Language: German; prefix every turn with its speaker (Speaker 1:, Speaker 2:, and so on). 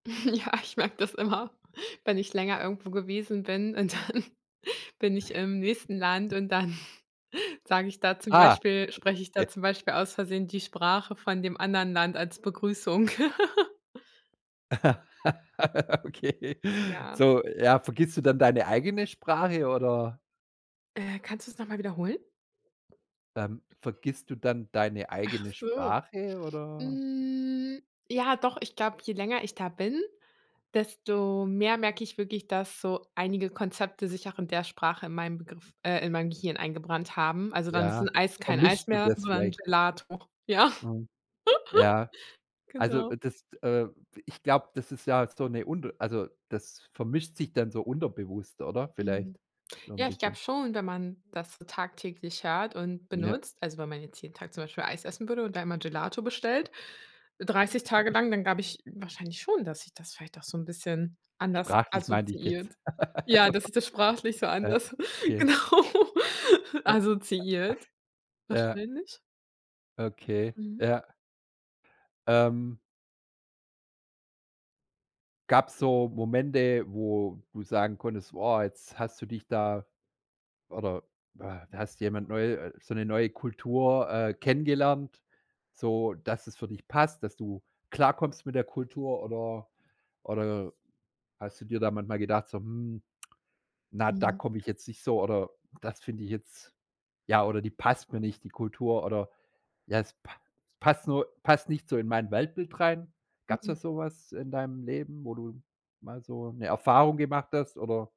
Speaker 1: Ja, ich merke das immer, wenn ich länger irgendwo gewesen bin und dann bin ich im nächsten Land und dann sage ich da zum
Speaker 2: Ah.
Speaker 1: Beispiel spreche ich da
Speaker 2: Okay.
Speaker 1: zum Beispiel, aus Versehen die Sprache von dem anderen Land als Begrüßung.
Speaker 2: Okay.
Speaker 1: Ja.
Speaker 2: So, ja, vergisst du dann deine eigene Sprache oder?
Speaker 1: Äh, kannst du's noch mal wiederholen?
Speaker 2: Ähm, vergisst du dann deine
Speaker 1: Ach
Speaker 2: eigene
Speaker 1: so.
Speaker 2: Sprache oder
Speaker 1: Hm, ja doch, ich glaube, je länger ich da bin, desto mehr merke ich wirklich, dass so einige Konzepte sich auch in der Sprache in meinem Begriff äh, in mein Gehirn eingebrannt haben. Also, dann ist 'n
Speaker 2: Ja,
Speaker 1: Eis kein Eis
Speaker 2: vermischst du
Speaker 1: mehr,
Speaker 2: das
Speaker 1: sondern
Speaker 2: vielleicht?
Speaker 1: Gelato. Ja.
Speaker 2: Mhm. Ja. Also,
Speaker 1: Genau.
Speaker 2: dass t äh, ich glaube, das ist ja so 'ne unter also, das vermischt sich dann so unterbewusst, oder? Vielleicht,
Speaker 1: Mhm.
Speaker 2: so 'n
Speaker 1: Ja, ich glaube
Speaker 2: bisschen.
Speaker 1: schon, wenn man das so tagtäglich hört und
Speaker 2: Ja.
Speaker 1: benutzt, also wenn man jetzt jeden Tag zum Beispiel Eis essen würde und da einmal Gelato bestellt. 30 Tage lang, dann glaube ich wahrscheinlich schon, dass sich das vielleicht auch so 'n bisschen anders
Speaker 2: Sprachlich meinte ich jetzt
Speaker 1: assoziiert. Ja,
Speaker 2: also.
Speaker 1: dass sich das sprachlich so
Speaker 2: Äh,
Speaker 1: anders,
Speaker 2: okay.
Speaker 1: genau
Speaker 2: [unintelligible]
Speaker 1: assoziiert
Speaker 2: Ja.
Speaker 1: wahrscheinlich.
Speaker 2: Okay,
Speaker 1: Mhm.
Speaker 2: ja. Ähm Gab's so Momente, wo du sagen konntest: Woah, jetzt hast du dich da oder we hast jemand neu so 'ne neue Kultur, äh, kennengelernt? So, dass es für dich passt, dass du klarkommst mit der Kultur oder oder hast du dir da manchmal gedacht so: „Mhm, na, da
Speaker 1: Mhm.
Speaker 2: komme ich jetzt nicht so“ oder: „Das finde ich jetzt“ ja oder: „Die passt mir nicht, die Kultur“ oder, ja: „Es pa passt nur passt nicht so in mein Weltbild rein.“ Gab's da
Speaker 1: Mhm.
Speaker 2: sowas in deinem Leben, wo du mal so 'ne Erfahrung gemacht hast oder